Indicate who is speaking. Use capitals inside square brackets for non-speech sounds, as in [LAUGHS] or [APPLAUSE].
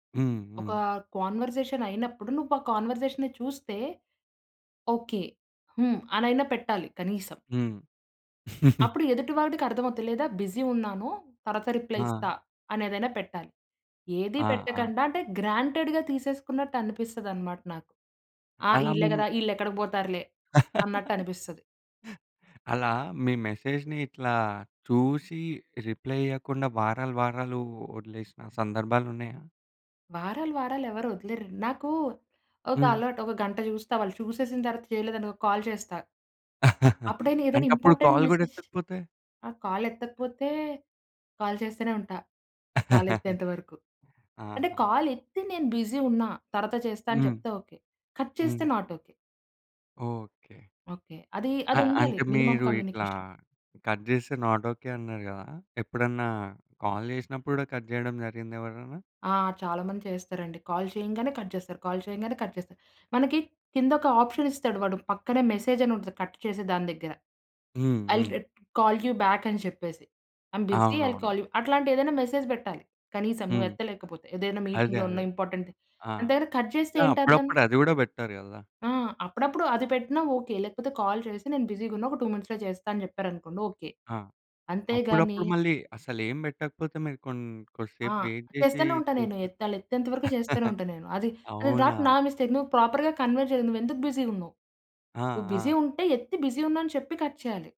Speaker 1: హ్మ్.
Speaker 2: ఒక
Speaker 1: హ్మ్.
Speaker 2: కాన్వర్జేషన్ అయినప్పుడు నువ్వు ఆ కాన్వర్జేషన్‌ని చూస్తే ఓకే. హ్మ్. అనయినా పెట్టాలి కనీసం.
Speaker 1: హ్మ్. [CHUCKLES]
Speaker 2: అప్పుడు ఎదుటి వాడికర్థమవుద్ది. లేదా "బిజీ ఉన్నాను. తరువాత రిప్లై ఇస్తా."
Speaker 1: ఆ!
Speaker 2: అనేదైనా పెట్టాలి. ఏది
Speaker 1: ఆ! ఆ!
Speaker 2: పెట్టకండ అంటే గ్రాంటెడ్‌గా తీసేసుకున్నట్టు అనిపిస్తదన్నమాట నాకు. "ఆ
Speaker 1: అలా మీ
Speaker 2: ఈళ్ళే
Speaker 1: మె
Speaker 2: గదా! ఈళ్ళేక్కడికి పోతారులే."
Speaker 1: [LAUGHS]
Speaker 2: అన్నట్టనిపిస్తది.
Speaker 1: అలా మీ మెసేజ్‌ని ఇట్లా చూసి రిప్లై ఇయ్యకుండా వారాలు, వారాలు వదిలేసిన సందర్భాలున్నాయా?
Speaker 2: వారాలు వారాలు ఎవరు వదిలేరు. నాకు ఒక
Speaker 1: హ్మ్.
Speaker 2: అలవాటు. ఒక గంట చూస్తా, వాళ్ళు చూసేసిన తరువాత చేయలేదనుకో కాల్ చేస్తా.
Speaker 1: [CHUCKLES]
Speaker 2: అప్పుడైనా ఏదైనా
Speaker 1: అంటే అప్పుడు
Speaker 2: ఇంపార్టెంట్
Speaker 1: కాల్ కూడా
Speaker 2: మెసేజ్
Speaker 1: ఎత్తకపోతే.
Speaker 2: ఆ కాలెత్తకపోతే కాల్ చేస్తూనే ఉంటా కాలెత్తేంత వరకు.
Speaker 1: [LAUGHS]
Speaker 2: అంటే
Speaker 1: ఆహా!
Speaker 2: కాలెత్తి నేను బిజీ ఉన్నా తరువాత చేస్తా అని
Speaker 1: హ్మ్.
Speaker 2: చెప్తే ఓకే. కట్
Speaker 1: హ్మ్.
Speaker 2: చేస్తే నాట్ ఓకే.
Speaker 1: ఓకే.
Speaker 2: ఓకే. అది అది
Speaker 1: అ
Speaker 2: ఉండాలి.
Speaker 1: అంటే
Speaker 2: మినిమమ్
Speaker 1: మీరు ఇట్లా
Speaker 2: కమ్యూనికేషన్.
Speaker 1: కట్ చేస్తే నాట్ ఓకే అన్నారు గదా! ఎప్పుడన్నా కాల్ జేసినప్పుడు కూడా కట్ చేయడం జరిగిందా ఎవరన్నా?
Speaker 2: ఆ! చాలామంది చేస్తారండి. కాల్ చేయంగానే కట్ చేస్తారు. కాల్ చేయంగానే కట్ చేస్తారు. మనకి కిందొక ఆప్షనిస్తాడు, వాడు పక్కనే మెసేజ్ అని ఉంటుంది. కట్ చేసే దాని దగ్గర
Speaker 1: హ్మ్.
Speaker 2: ఐ విల్
Speaker 1: హ్మ్.
Speaker 2: రి కాల్ యూ బ్యాకని చెప్పేసి. I am‌ busy, I will
Speaker 1: అవునవును.
Speaker 2: కాల్ యూ అట్లాంటి ఏదైనా మెసేజ్ పెట్టాలి కనీసం నువ్వు
Speaker 1: హ్మ్.
Speaker 2: ఎత్తలేకపోతే. ఏదైనా
Speaker 1: అదే
Speaker 2: మీటింగ్‌లో ఉన్న
Speaker 1: అదే
Speaker 2: ఇంపార్టెంట్
Speaker 1: ఆ!
Speaker 2: దాని దగ్గర కట్ చేస్తే ఏంటర్థం?
Speaker 1: అప్పుడప్పుడు అది గూడా పెట్టరు గదా!
Speaker 2: ఆ! అప్పుడప్పుడు అది పెట్టినా ఓకే. లేకపోతే "కాల్ చేసి, నేను బిజీగా ఉన్నా, ఒక 2 మినిట్స్‌లో చేస్తాను." అని చెప్పారనుకోండి ఓకే.
Speaker 1: ఆ!
Speaker 2: అంతే గాని
Speaker 1: అప్పుడప్పుడు మళ్ళీ అసలేంబెట్టకపోతే మీరు కొన్
Speaker 2: ఆ!
Speaker 1: కొద్దిసేపు వేయిట్ చేసి
Speaker 2: చేస్తానే ఉంటా నేను.
Speaker 1: చూస్తారు.
Speaker 2: ఎత్తాలి ఆళ్ళేత్తెంత వరకు చేస్తూనే
Speaker 1: [LAUGHS]
Speaker 2: ఉంటాను. నేను అది
Speaker 1: అవునా?
Speaker 2: నాట్ నా మిస్టేక్, నువ్వు ప్రాపర్‌గా కన్వే చేయలేదు. నువ్వెందుకు బిజీగా ఉన్నావు.
Speaker 1: ఆ!
Speaker 2: నువ్వు బిజీ
Speaker 1: ఆ!
Speaker 2: ఉంటే ఎత్తి "బిజీ ఉన్నా." అని చెప్పి కట్ చేయాలి.